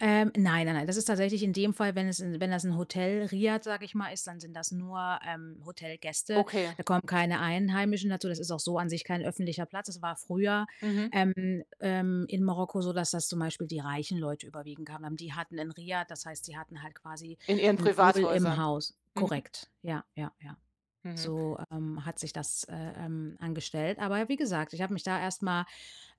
Ähm, nein, nein, nein. Das ist tatsächlich in dem Fall, wenn es in wenn das 'n Hotel, Riad, sage ich mal, ist, dann sind das nur, ähm, Hotelgäste, Okay. da kommen keine Einheimischen dazu, das ist auch so an sich kein öffentlicher Platz. Es war früher, Mhm. ähm, ähm, in Marokko so, dass das zum Beispiel die reichen Leute überwiegend kamen dann. Die hatten 'n Riad, das heißt, sie hatten halt quasi In Ihren 'n Pool im Privathäusern? Haus. Mhm. Korrekt, ja, ja, ja. Mhm. So, ähm, hat sich das, äh, ähm, angestellt. Aber wie gesagt, ich habe mich da erst mal,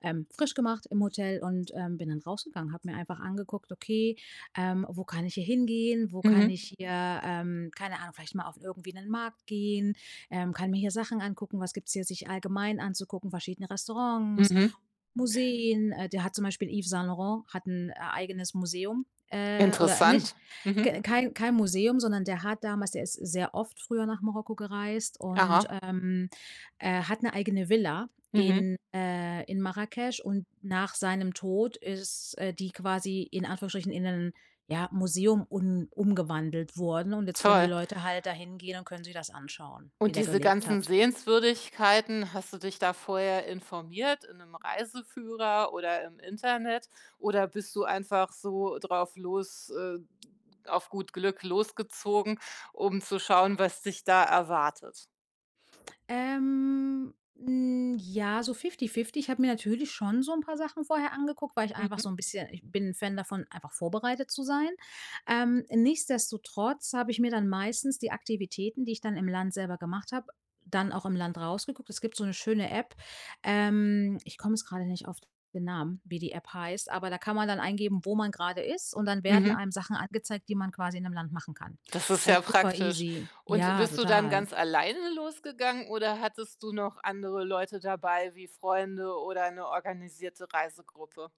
ähm, frisch gemacht im Hotel und, ähm, bin dann rausgegangen, habe mir einfach angeguckt: „Okay, ähm, wo kann ich hier hingehen? Wo kann Mhm. ich hier, ähm, keine Ahnung, vielleicht mal auf irgendwie 'nen Markt gehen, ähm, kann mir hier Sachen angucken, was gibt's hier sich allgemein anzugucken, verschiedene Restaurants, Mhm. Museen?“, äh, der hat zum Beispiel Yves Saint-Laurent hat 'n, äh, eigenes Museum, äh oder nicht Interessant. Mhm. ke kein kein Museum, sondern der hat damals der ist sehr oft früher nach Marokko gereist und, Aha. ähm, äh, hat 'ne eigene Villa Mhm. in äh, in Marrakesch und nach seinem Tod ist, äh, die quasi, in Anführungsstrichen, in einen, ja, Museum un umgewandelt worden und jetzt können die Toll. Leute halt da hingehen und können sich das anschauen, wie Und der diese gelebt ganzen hat. Sehenswürdigkeiten, hast du dich da vorher informiert in 'nem Reiseführer oder im Internet oder bist du einfach so drauf los äh, auf gut Glück losgezogen, um zu schauen, was dich da erwartet? Ähm, n ja, so fifty-fifty. Ich habe mir natürlich schon so 'n paar Sachen vorher angeguckt, weil ich einfach Mhm. so 'n bisschen ich bin 'n Fan davon, einfach vorbereitet zu sein, ähm, nichtsdestotrotz habe ich mir dann meistens die Aktivitäten, die ich dann im Land selber gemacht habe, dann auch im Land rausgeguckt. Es gibt so 'ne schöne App, ähm ich komme jetzt grade nicht auf den Namen, wie die App heißt, aber da kann man dann eingeben, wo man grade ist und dann werden Mhm. einem Sachen angezeigt, die man quasi in 'nem Land machen kann, Das ist also ja super praktisch easy und Ja, bist du dann total. ganz alleine losgegangen oder hattest du noch andere Leute dabei wie Freunde oder 'ne organisierte Reisegruppe?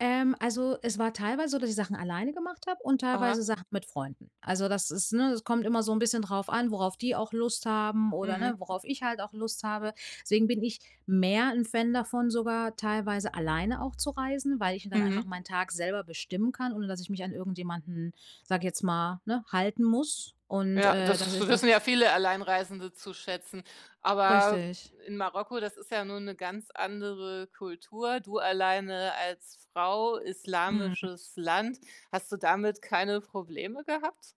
Ähm, also, es war teilweise so, dass ich Sachen alleine gemacht habe und teilweise Aha. Sachen mit Freunden. Also das ist, ne es kommt immer so 'n bisschen drauf an, worauf die auch Lust haben oder, ne, Mhm. worauf ich halt auch Lust habe. Deswegen bin ich mehr 'n Fan davon sogar teilweise alleine auch zu reisen, weil ich mir dann einfach Mhm. Tag selber bestimmen kann, ohne dass ich mich an irgendjemanden, sage ich jetzt mal, ne, halten muss und, Ja äh, das das ist das wissen ja viele Alleinreisende zu schätzen, aber Richtig. in Marokko, das ist ja nun 'ne ganz andere Kultur, du alleine als Frau, Mhm. islamisches Land, hast du damit keine Probleme gehabt?